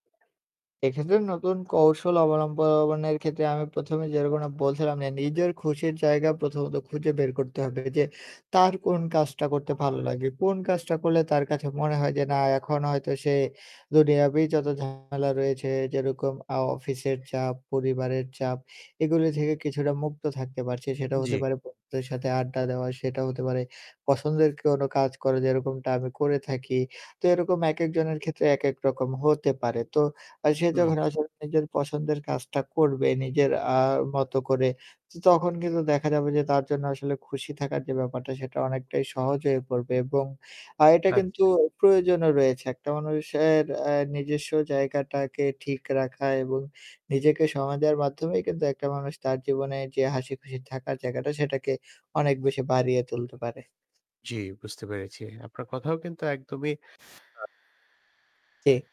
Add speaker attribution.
Speaker 1: এক্ষেত্রে নতুন কৌশল অবলম্বনের ক্ষেত্রে আমি ১ম এ যেরকম বলছিলাম না নিজের খুশির জায়গা প্রথমত খুঁজে বের করতে হবে যে তার কোন কাজটা করতে ভালো লাগে কোন কাজটা করলে তার কাছে মনে হয় যে না এখন হয়তো সে দুনিয়াতেই যত ঝামেলা রয়েছে যেরকম আউ অফিসের চাপ, পরিবারের চাপ এগুলি ঝেড়ে কিছুটা মুক্ত থাকতে পারছে। সেটা হতে
Speaker 2: জি।
Speaker 1: পারে বন্ধুদের সাথে আড্ডা দেওয়া, সেটাও হতে পারে পছন্দের কোনো কাজ করে যেরকমটা আমি করে থাকি। তো সেরকম একেক জনের ক্ষেত্রে একেক রকম হতে পারে। তো আ সে
Speaker 2: হুম।
Speaker 1: যখন আসলে নিজের পছন্দের কাজটা করবে নিজের আ মতো করে ত তখন কিন্তু দেখা যাবে যে তার জন্য আসলে খুশি থাকার যে ব্যাপারটা সেটা অনেকটাই সহজ হয়ে পড়বে এবং আর এটা কিন্তু
Speaker 2: আচ্ছা।
Speaker 1: প্রয়োজনও রয়েছে একটা মানুষের অ্যা নিজস্ব জায়গাটাকে ঠিক রাখা এবং নিজেকে সময় দেওয়ার মাধ্যমেই কিন্তু একটা মানুষ তার জীবনে যে হাসিখুশি থাকার জায়গাটা সেটাকে অনেক বেশি বাড়িয়ে তুলতে পারে।
Speaker 2: জি, বুঝতে পেরেছি। আপনার কথাও কিন্তু একদমই আ
Speaker 1: জি।